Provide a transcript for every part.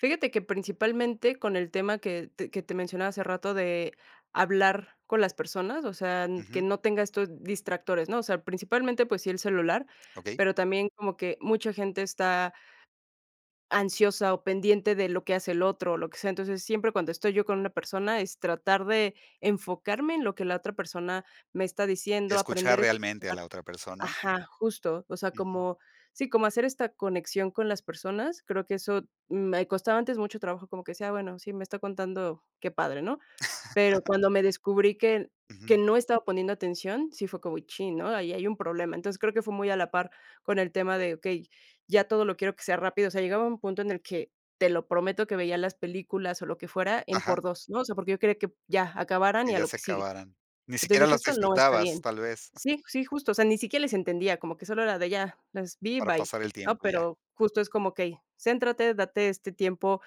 Fíjate que principalmente con el tema que te que te mencionaba hace rato de hablar con las personas, o sea n que Ujú. no tenga estos distractores, ¿no? O sea, principalmente, pues sí el celular, Okey. pero también como que mucha gente está ansiosa o pendiente de lo que hace el otro o lo que sea. Entonces, siempre cuando estoy yo con una persona, es tratar de enfocarme en lo que la otra persona me está diciendo, Escuchar aprender a realmente a la otra persona. ajá, justo. O sea, Ujú. como sí, como hacer esta conexión con las personas, creo que eso me costaba antes mucho trabajo, como que decía, bueno, sí, me está contando, qué padre, ¿no? Pero cuando me descubrí que que Ujú. no estaba poniendo atención, sí fue como, chin, ¿no? Ahí hay un problema. Entonces, creo que fue muy a la par con el tema de, okey, ya todo lo quiero que sea rápido, o sea, llegaba un punto en el que te lo prometo que veía las películas o lo que fuera en Ajá. por dos, ¿no? O sea, porque yo quería que ya acabaran y Y a ya lo se que sigue. acabaran. Ni Entonces, siquiera dije: las "Esto no está disfrutabas, bien—". tal vez. Sí, sí, justo, o sea, ni siquiera les entendía, como que solo era de ya, las vi, Para bye, pasar el ¿no? tiempo y ya. Pero justo es como que y céntrate, date este tiempo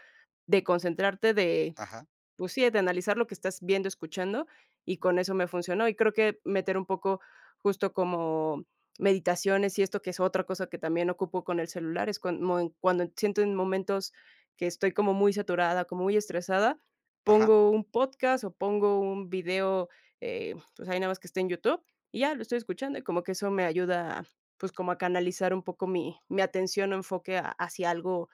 de concentrarte, de, Ajá. pues sí, de analizar lo que estás viendo, escuchando, y con eso me funcionó. Y creo que meter un poco justo como meditaciones y esto, que es otra cosa que también ocupo con el celular, es cuan moe cuando siento en momentos que estoy como muy saturada, como muy estresada, Ajá. pongo un podcast o pongo un video, eh, pues ahí nada más que esté en YouTube y ya, lo estoy escuchando, y como que eso me ayuda, pues, como a canalizar un poco mi mi atención o enfoque ha hacia algo,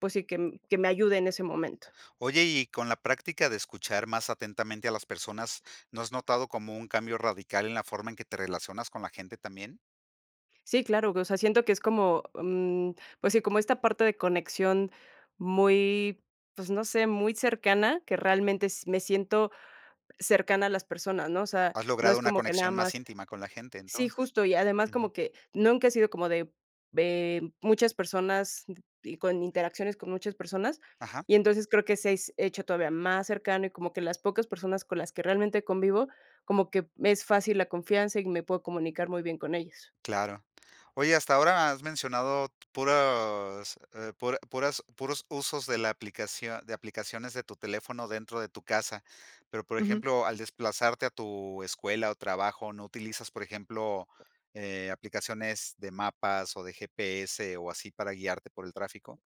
pues sí, que m que me ayude en ese momento. Oye, y y con la práctica de escuchar más atentamente a las personas, ¿no has notado como un cambio radical en la forma en que te relacionas con la gente también? Sí, claro, o sea, siento que es como, mm, pues sí, como esta parte de conexión muy, pues no sé, muy cercana, que realmente s me siento cercana a las personas, ¿no? O sea, Has no logrado es una como que nada conexión más más íntima con la gente, sí, entonces. justo, y además Ujú. como que nunca he sido como de ve m muchas personas y con interacciones con muchas personas, Ajá. y entonces creo que se s hecho todavía más cercano y como que las pocas personas con las que realmente convivo, como que me es fácil la confianza y me puedo comunicar muy bien con ellos. Claro. Oye, hasta ahora has mencionado puros eh, pura puras puros usos de la aplicación de aplicaciones de tu teléfono dentro de tu casa. Pero, por Ujú. ejemplo, al desplazarte a tu escuela o trabajo, ¿no utilizas, por ejemplo, eh, aplicaciones de mapas o de GPS o así para guiarte por el tráfico?